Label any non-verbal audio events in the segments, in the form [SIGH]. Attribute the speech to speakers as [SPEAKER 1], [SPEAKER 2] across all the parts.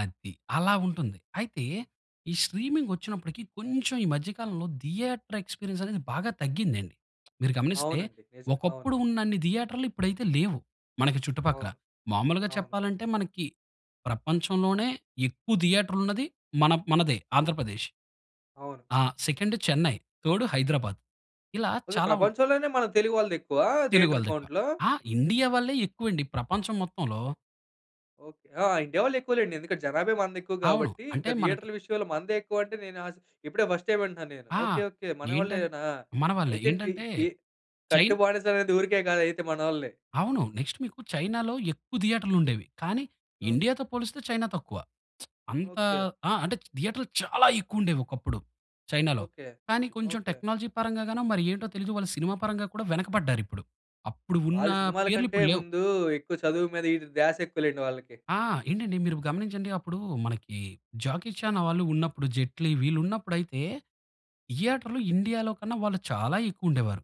[SPEAKER 1] అది. అలావుంటుంది. అయితే ఈ స్ట్రీమింగ్ వచ్చినప్పటికి, కొంచెం ఈ మధ్య కాలంలో థియేటర్ ఎక్స్‌పీరియన్స్ అనేది బాగా తగ్గిందండి. మీరు గమనిస్తే
[SPEAKER 2] అవునండి. నిజమే. అవును.
[SPEAKER 1] ఒకప్పుడు ఉన్నన్ని థియేటర్లు ఇప్పుడైతే లేవు. మనకి చుట్టుపక్కల
[SPEAKER 2] అవును.
[SPEAKER 1] మామూలుగా
[SPEAKER 2] అవును.
[SPEAKER 1] చెప్పాలంటే మనకి ప్రపంచంలోనే ఎక్కువ థియేటర్లున్నది మన మనదే ఆంధ్రప్రదేశ్.
[SPEAKER 2] అవును.
[SPEAKER 1] ఆ! Second Chennai, third Hyderabad. ఇలా
[SPEAKER 2] కొద్దిగ
[SPEAKER 1] చాలా ఉన్
[SPEAKER 2] ప్రపంచంలోనే మన తెలుగు వాళ్ళదెక్కువా?
[SPEAKER 1] తెలుగు
[SPEAKER 2] థియేటర్
[SPEAKER 1] వాళ్ళదెక్కువ.
[SPEAKER 2] కౌంట్‌లో?
[SPEAKER 1] ఆ! ఇండియావాళ్ళే ఎక్కువండి ప్రపంచం మొత్తంలో.
[SPEAKER 2] ఓకే. ఆ! ఇండియా వాళ్ళు ఎక్కువలెండి. ఎందుకంటే జనాభా మనది ఎక్కువ
[SPEAKER 1] అవును.
[SPEAKER 2] కాబట్టి ఇంక
[SPEAKER 1] అంటే మనకి
[SPEAKER 2] థియేటర్లు విషయంలో మనదే ఎక్కువంటే నేను ఆశ్ ఇప్పుడే ఫస్ట్ టైం వింటున్నాను నేను.
[SPEAKER 1] ఆ!
[SPEAKER 2] ఓకే. ఓకే.
[SPEAKER 1] ఏంటన్
[SPEAKER 2] మనవాళ్ళేనా!
[SPEAKER 1] మనవాళ్ళే
[SPEAKER 2] అయితే తి
[SPEAKER 1] ఏంటంటే,
[SPEAKER 2] తి కట్టు
[SPEAKER 1] చైన్
[SPEAKER 2] బానిసనేది ఊరికే కాదు అయితే మనోళ్ళని.
[SPEAKER 1] అవును. నెక్స్ట్ మీకు చైనాలో ఎక్కువ థియేటర్లుండేవి కానీ
[SPEAKER 2] ఓకే.
[SPEAKER 1] ఇండియా‌తో పోలిస్తే చైనా తక్కువ. [SMACKS LIPS] అంత
[SPEAKER 2] ఓకే.
[SPEAKER 1] ఆ! అంటే చ్ థియేటర్లు చాలా ఎక్కువుండేవి ఒకప్పుడు చైనాలో.
[SPEAKER 2] ఓకే.
[SPEAKER 1] కానీ కొంచెం
[SPEAKER 2] ఓకే.
[SPEAKER 1] టెక్నాలజీ పరంగా గానో మరి ఏంటో తెలీదు వాళ్ళు సినిమా పరంగా కూడా వెనకపడ్డారిప్పుడు. అప్పుడు ఉన్న
[SPEAKER 2] వాళ్ళు సినిమాల
[SPEAKER 1] పేర్లు
[SPEAKER 2] కంటే
[SPEAKER 1] ఇప్పుడు లేవు.
[SPEAKER 2] ముందు ఎక్కువ చదువు మీద ఇది ద్యాసెక్కువ‌లెండి వాళ్ళకి.
[SPEAKER 1] ఆ! ఏంటండి మీరు గమనించండి. అప్పుడు మనకి జాకీ చానా వాళ్ళు ఉన్నప్పుడు జైట్లీ వీళ్ళు ఉన్నప్పుడయితే థియేటర్‌లో ఇండియాలో కన్నా చాలా ఎక్కువ ఉండేవారు.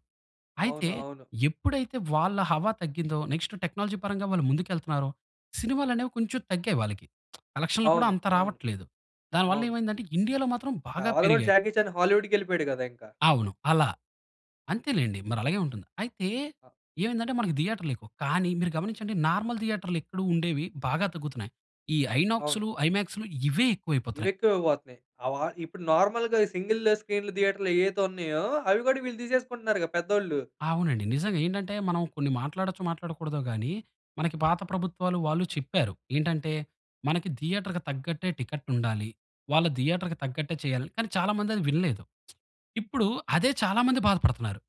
[SPEAKER 1] అయితే
[SPEAKER 2] అవును. అవును.
[SPEAKER 1] ఎప్పుడైతే వాళ్ళ హావా తగ్గిందో నెక్స్ట్ టెక్నాలజీ పరంగా వాళ్ళు ముందుకేళ్తున్నారో సినిమాలనేవి కొంచెం తగ్గాయి వాళ్లకి. [SMACKS LIPS] కలక్షన్లు కూడా
[SPEAKER 2] అవును.
[SPEAKER 1] అంత
[SPEAKER 2] అవును.
[SPEAKER 1] రావట్లేదు దాని వల్ల
[SPEAKER 2] అవును.
[SPEAKER 1] ఏమైందంటే ఇండియాలో మాత్రం
[SPEAKER 2] ఆ!
[SPEAKER 1] బాగా
[SPEAKER 2] వాళ్ళు కూడా
[SPEAKER 1] పెరిగాయి.
[SPEAKER 2] జాకీ చాన్ హాలీవుడ్డుకెళ్ళిపోయాడు కదా! ఇంకా.
[SPEAKER 1] అవును. అలా. అంతేలెండి మరి అలాగే ఉంటుంది. అయితే
[SPEAKER 2] ఆ!
[SPEAKER 1] ఏమైందంటే మనకు థియేటర్లు ఎక్కువ కానీ మీరు గమనించండి నార్మల్ థియేటర్లు ఎక్కడో ఉండేవి బాగా తగ్గుతున్నాయి. ఈ
[SPEAKER 2] అవును.
[SPEAKER 1] ఐనాక్సులు, ఐమాక్సులు ఇవే
[SPEAKER 2] ఇవి
[SPEAKER 1] ఎక్కువైపోతున్నాయి.
[SPEAKER 2] ఎక్కువైపోతున్నాయి. అవ ఇప్పుడు నార్మల్‌గా సింగిల్ స్క్రీన్ల థియేటర్లు ఎయైతే ఉన్నాయో అవి కూడా వీళ్ళు తీసేసుకుంటున్నారు‌గా పెద్దోళ్ళు.
[SPEAKER 1] అవునండి. నిజంగా ఏంటంటే మనం కొన్ని మాట్లాడచ్చో మాట్లాడకూడదో గాని మనకి పాత ప్రభుత్వాలు వాళ్ళు చెప్పారు. ఏంటంటే మనకి థియేటర్‌కి తగ్గట్టే టికెటుండాలి వాళ్ళ థియేటర్‌కి తగ్గట్టే చేయాలి. కానీ, చాలా మంది అది వినలేదు. [SMACKS LIPS] ఇప్పుడు అదే చాలా మంది బాధపడుతున్నారు.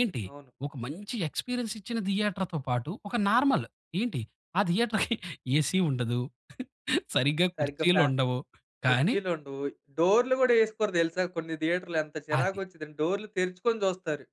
[SPEAKER 1] ఏంటి
[SPEAKER 2] అవును.
[SPEAKER 1] ఒక మంచి ఎక్స్‌పీరియన్స్ ఇచ్చిన థియేటర్‌తో పాటు ఒక నార్మల్ ఏంటి ఆ థియేటర్‌కి ఏసీ ఉండదు, సరిగ్గా
[SPEAKER 2] సరిగ్గా
[SPEAKER 1] కుర్చీలు
[SPEAKER 2] ఫ్యా
[SPEAKER 1] ఉండవు కానీ
[SPEAKER 2] కుర్చీలుండవు. డోర్లు కూడా ఏసుకోరు తెలుసా! కొన్ని థియేటర్‌లో ఎంత చిరాకు
[SPEAKER 1] అది.
[SPEAKER 2] వచ్చిందంటే డోర్లు తెరుచుకొని చూస్తారు.